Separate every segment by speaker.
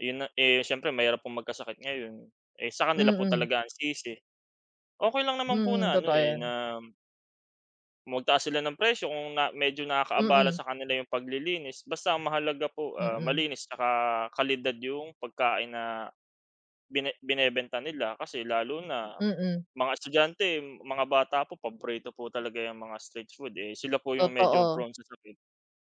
Speaker 1: Yun na eh, s'yempre mahirap pong magkasakit ngayon. Eh, sa kanila po
Speaker 2: Mm.
Speaker 1: talaga ang sisi. Okey lang naman po
Speaker 2: Mm,
Speaker 1: na ano,
Speaker 2: totoo
Speaker 1: eh,
Speaker 2: yan.
Speaker 1: na magtaas sila ng presyo kung na medyo nakakaabala
Speaker 2: Mm.
Speaker 1: sa kanila yung paglilinis. Basta mahalaga po, ah,
Speaker 2: Mm.
Speaker 1: malinis 'tsaka kalidad yung pagkain na, bine binebenta nila. Kasi lalo na
Speaker 2: Mm.
Speaker 1: mga estudyante, mga bata po paborito po talaga 'yong mga street food. Eh, sila po yung medyo
Speaker 2: Totoo.
Speaker 1: prone sa sakit.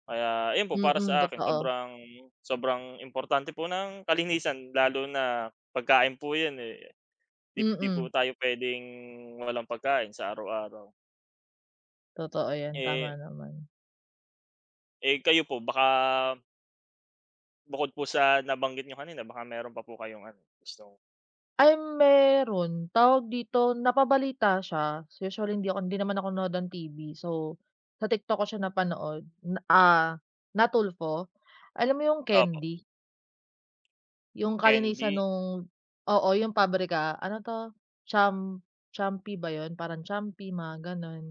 Speaker 1: Kaya 'yon po para
Speaker 2: Mm,
Speaker 1: sa akin
Speaker 2: totoo.
Speaker 1: sobrang, sobrang importante po ng kalinisan lalo na pagkain po yun, eh, 'di di
Speaker 2: Mm.
Speaker 1: po tayo p'wedeng walang pagkain sa araw-araw.
Speaker 2: Totoo yan.
Speaker 1: Eh
Speaker 2: Tama naman.
Speaker 1: Eh, kayo po baka Bukod po sa nabanggit niyo kanina. Baka meron pa po kayong ano gustong
Speaker 2: Ay meron. Tawag dito. Napabalita siya. So, usually hindi ako, hindi naman ako nanonood ng TV. So, sa TikTok ko siya napanood. Na ah, na Tulfo. Alam mo yung
Speaker 1: Opo.
Speaker 2: candy? Yung kalinisan
Speaker 1: Candy?
Speaker 2: nung oo, yung pabrika ano 'to cham Champi ba 'yun? Parang Champi, mga gano'n.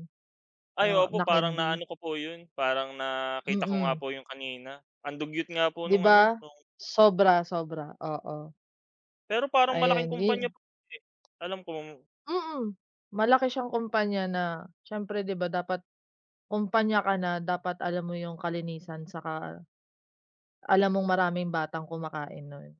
Speaker 1: Ay
Speaker 2: Na na
Speaker 1: opo, parang
Speaker 2: candy.
Speaker 1: naano ko po yun, parang nakita ko nga
Speaker 2: Mm.
Speaker 1: po yung kanina. Ang dugyot nga po
Speaker 2: 'Di
Speaker 1: nung ano,
Speaker 2: ba?
Speaker 1: nung
Speaker 2: Sobra, sobra, oo.
Speaker 1: Pero parang malaking
Speaker 2: Ayun,
Speaker 1: kompanya
Speaker 2: [unintelligible]
Speaker 1: po, eh, hindi ko alam kung
Speaker 2: Mm. Malaki siyang kumpanya na, siyempre 'di ba dapat kumpanya ka na, dapat alam mo yung kalinisan, 'saka alam mong maraming batang kumakain nun.